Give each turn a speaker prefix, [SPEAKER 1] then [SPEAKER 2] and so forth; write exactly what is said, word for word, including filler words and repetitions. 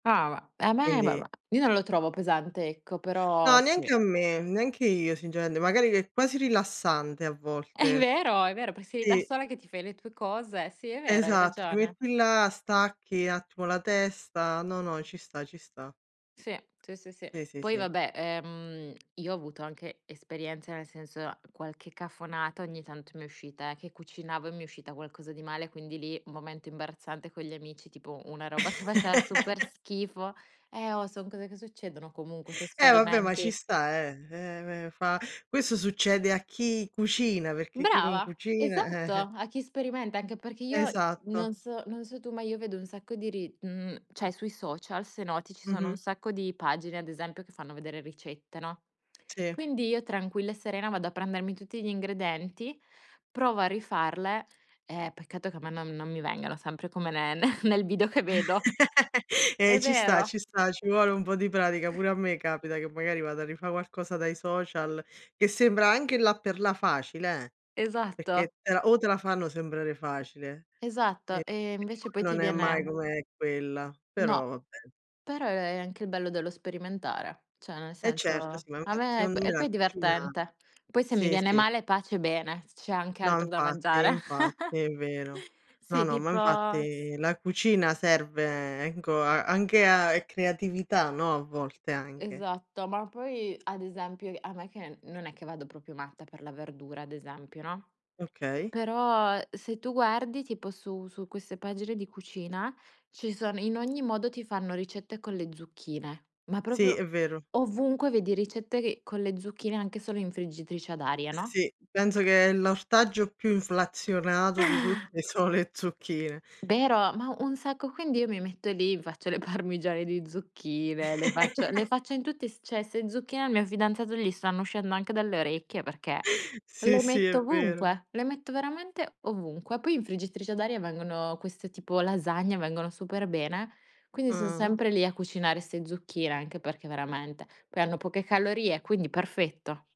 [SPEAKER 1] Ava, e a me
[SPEAKER 2] Quindi
[SPEAKER 1] [unintelligible] io non lo trovo pesante, ecco,
[SPEAKER 2] No,
[SPEAKER 1] però sì.
[SPEAKER 2] neanche a me, neanche io singeraende magari che è quasi rilassante a
[SPEAKER 1] È
[SPEAKER 2] volte.
[SPEAKER 1] vero, è vero, per sei lì da
[SPEAKER 2] tì.
[SPEAKER 1] sola che ti fai le tue cose. Sì, è vero, hai
[SPEAKER 2] Esatto, ti
[SPEAKER 1] ragione.
[SPEAKER 2] metti là, stacchi attimo la testa. No, no, ci sta, ci sta.
[SPEAKER 1] Sì, sì, sì, sì.
[SPEAKER 2] Sì, sì,
[SPEAKER 1] Poi
[SPEAKER 2] sì.
[SPEAKER 1] vabbè, ehm, io ho avuto anche esperienza, nel senso qualche cafonata ogni tanto m'è uscita, eh, che cucinavo e mi è uscita qualcosa di male, quindi lì momento imbarazzante con gli amici, tipo una roba che faceva super schifo. Eh, oh, son cose che succedono comunque, se
[SPEAKER 2] Eh vabbè, ma ci
[SPEAKER 1] sperimenti.
[SPEAKER 2] sta, eh ehm, me fa questo succede a chi cucina, perché chi non
[SPEAKER 1] Brava,
[SPEAKER 2] cucina,
[SPEAKER 1] esatto,
[SPEAKER 2] eh, eh.
[SPEAKER 1] a chi sperimenta, anche perché io s
[SPEAKER 2] Esatto.
[SPEAKER 1] non so non so tu, ma io vedo un sacco di ri mhmm, ceh sui social se noti, ci sono un
[SPEAKER 2] Mh-mh.
[SPEAKER 1] sacco di pagine ad esempio che fanno vedere ricette, no,
[SPEAKER 2] Sì.
[SPEAKER 1] quindi io tranquilla e serena vado a prendermi tutti gli ingredenti, provo a rifarle e peccato che a me non non mi vengano sempre come ne ne nel video che vedo. È
[SPEAKER 2] Ehm, ci sta,
[SPEAKER 1] vero.
[SPEAKER 2] ci sta, ci vuole un po' di pratica. Pure a me capita che magari vada a rifà qualcosa dai social che sembra anche, là per là facile, eh,
[SPEAKER 1] Esatto.
[SPEAKER 2] perché te la o te la fanno sembrare facile
[SPEAKER 1] Esatto.
[SPEAKER 2] e
[SPEAKER 1] E
[SPEAKER 2] e
[SPEAKER 1] invece
[SPEAKER 2] poi
[SPEAKER 1] poi ti
[SPEAKER 2] non è mai
[SPEAKER 1] viene
[SPEAKER 2] come quella, però
[SPEAKER 1] No,
[SPEAKER 2] vabbè.
[SPEAKER 1] però è è anche il bello dello sperimentare. Cioè nel
[SPEAKER 2] E
[SPEAKER 1] senso,
[SPEAKER 2] certo sì,
[SPEAKER 1] a
[SPEAKER 2] [unintelligible]
[SPEAKER 1] me e p
[SPEAKER 2] seondo me
[SPEAKER 1] e
[SPEAKER 2] la
[SPEAKER 1] poi è
[SPEAKER 2] cucina
[SPEAKER 1] divertente. Poi se mi
[SPEAKER 2] sì,
[SPEAKER 1] viene
[SPEAKER 2] sì.
[SPEAKER 1] male pace e bene, c'è anche
[SPEAKER 2] No,
[SPEAKER 1] altro da
[SPEAKER 2] infatti,
[SPEAKER 1] mangiare.
[SPEAKER 2] infatti è vero. No,
[SPEAKER 1] Sì,
[SPEAKER 2] no, ma
[SPEAKER 1] tipo s
[SPEAKER 2] infatti la cucina serve, ecco, a anche a è creatività, no, a volte anche.
[SPEAKER 1] Esatto, ma poi ad esempio, ehm, a me, che non è che vado propio matta per la verdura, ad esempio, no?
[SPEAKER 2] Okay.
[SPEAKER 1] Però se tu guardi tipo su su queste pagine di cucina, ci son in ogni modo ti fanno ricette con le zucchine, ma
[SPEAKER 2] Sì,
[SPEAKER 1] proprio
[SPEAKER 2] è vero.
[SPEAKER 1] ovunque vedi ricette che con le zucchine anche solo in friggitrice ad aria, no?
[SPEAKER 2] Sì, penso che è l'ortaggio più inflazionato di tutte so le zucchine.
[SPEAKER 1] Vero, ma u un sacco. Quindi io mi metto lì, mi faccio le parmigiane di zucchine, le faccio le faccio in tutti i s cioè 'ste zucchine al mio fidanzato gli stanno uscendo anche dalle orecchie, perché
[SPEAKER 2] Sì,
[SPEAKER 1] le
[SPEAKER 2] sì,
[SPEAKER 1] metto
[SPEAKER 2] è vero.
[SPEAKER 1] ovunque, le metto veramente ovunque. Poi in friggitrice ad aria vengono queste tipo lasagne, vengono super bene, quindi son
[SPEAKER 2] Ah, uh.
[SPEAKER 1] sempre lì a cucinare 'ste zucchine, anche perché veramente poi hanno poche calorie, quindi perfetto.